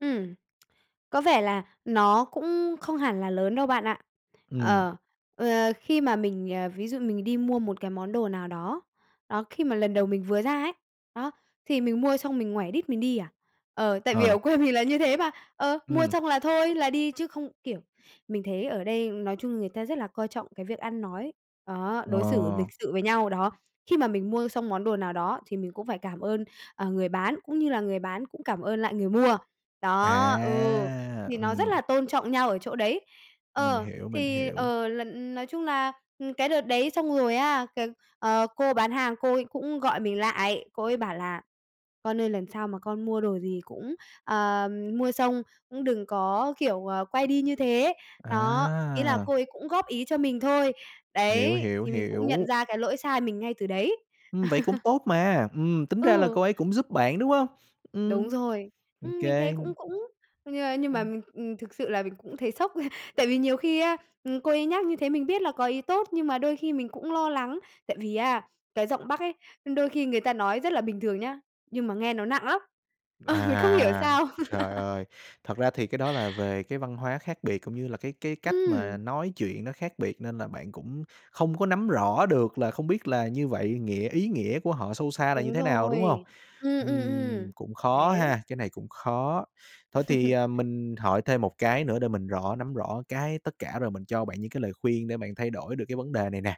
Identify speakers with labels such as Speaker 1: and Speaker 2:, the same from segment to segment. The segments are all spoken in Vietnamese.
Speaker 1: Ừm. Có vẻ là nó cũng không hẳn là lớn đâu bạn ạ.
Speaker 2: Ừm.
Speaker 1: Ờ, ờ, khi mà mình, ờ ví dụ mình đi mua một cái món đồ nào đó, đó, khi mà lần đầu mình vừa ra ấy, đó, thì mình mua xong mình ngoảy đít mình đi à, ờ, tại vì
Speaker 2: Ờ.
Speaker 1: ở quê mình là như thế mà, ờ, mua
Speaker 2: Ừm.
Speaker 1: xong là thôi là đi, chứ không kiểu, mình thấy ở đây nói chung người ta rất là coi trọng cái việc ăn nói, đó, đối xử lịch
Speaker 2: Ờ.
Speaker 1: sự với nhau, đó, khi mà mình mua xong món đồ nào đó thì mình cũng phải cảm ơn, ờ, người bán, cũng như là người bán cũng cảm ơn lại người mua. Đó, ừ,
Speaker 2: À!
Speaker 1: thì nó rất
Speaker 2: Ừm.
Speaker 1: là tôn trọng nhau ở chỗ đấy.
Speaker 2: Mình
Speaker 1: Ờ,
Speaker 2: hiểu, mình
Speaker 1: thì,
Speaker 2: hiểu.
Speaker 1: ờ, lần nói chung là, ừm, cái đợt đấy xong rồi á, cái, ờ, cô bán hàng cô ấy cũng gọi mình lại, cô ấy bảo là "Con ơi, lần sau mà con mua đồ gì cũng, ờ, mua xong cũng đừng có, kiểu, ờ, quay đi như thế." Đó, ý là cô
Speaker 2: À!
Speaker 1: ấy cũng góp ý cho mình thôi.
Speaker 2: Hiểu,
Speaker 1: Đấy,
Speaker 2: hiểu,
Speaker 1: thì mình cũng nhận
Speaker 2: hiểu.
Speaker 1: ra cái lỗi sai mình ngay từ đấy.
Speaker 2: Ừm, vậy cũng tốt mà. Ừm, tính ra là
Speaker 1: Ừ.
Speaker 2: cô ấy cũng giúp bạn, đúng hông?
Speaker 1: Đúng
Speaker 2: Ừm,
Speaker 1: rồi.
Speaker 2: ô
Speaker 1: Ừm, mình thấy
Speaker 2: kê.
Speaker 1: cũng cũng, nh nhưng mà mình ừm, thực sự là mình cũng thấy sốc. Tại vì nhiều khi á, ừm, cô ấy nhắc như thế mình biết là có ý tốt, nhưng mà đôi khi mình cũng lo lắng, tại vì á cái giọng Bắc ấy, đôi khi người ta nói rất là bình thường nhá, nhưng mà nghe nó nặng lắm. Ờ, không hiểu
Speaker 2: À,
Speaker 1: sao.
Speaker 2: trời ơi! Thật ra thì cái đó là về cái văn hóa khác biệt cũng như là cái cái cách mà
Speaker 1: Ừm.
Speaker 2: nói chuyện nó khác biệt, nên là bạn cũng không có nắm rõ được là không biết là như vậy nghĩa ý nghĩa của họ sâu xa là như
Speaker 1: Đúng
Speaker 2: thế nào, đúng hông?
Speaker 1: rồi. Ừm, ừm,
Speaker 2: Ừm,
Speaker 1: ừm,
Speaker 2: cũng khó
Speaker 1: đấy.
Speaker 2: ha, cái này cũng khó. Thôi thì, ờ, mình hỏi thêm một cái nữa để mình rõ nắm rõ cái tất cả rồi mình cho bạn những cái lời khuyên để bạn thay đổi được cái vấn đề này nè.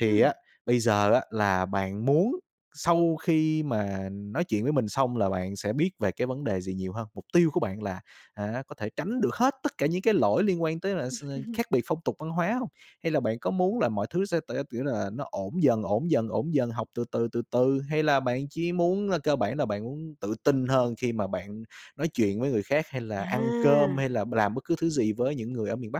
Speaker 2: Thì
Speaker 1: Ừm.
Speaker 2: á bây giờ á là bạn muốn sau khi mà nói chuyện với mình xong là bạn sẽ biết về cái vấn đề gì nhiều hơn? Mục tiêu của bạn là, hả, có thể tránh được hết tất cả những cái lỗi liên quan tới là s khác biệt phong tục văn hóa hông? Hay là bạn có muốn là mọi thứ sẽ t kiểu là nó ổn dần, ổn dần, ổn dần, học từ từ, từ từ, hay là bạn chỉ muốn cơ bản là bạn muốn tự tin hơn khi mà bạn nói chuyện với người khác, hay là ăn cơm,
Speaker 1: À!
Speaker 2: hay là b làm bất cứ thứ gì với những người ở miền Bắc?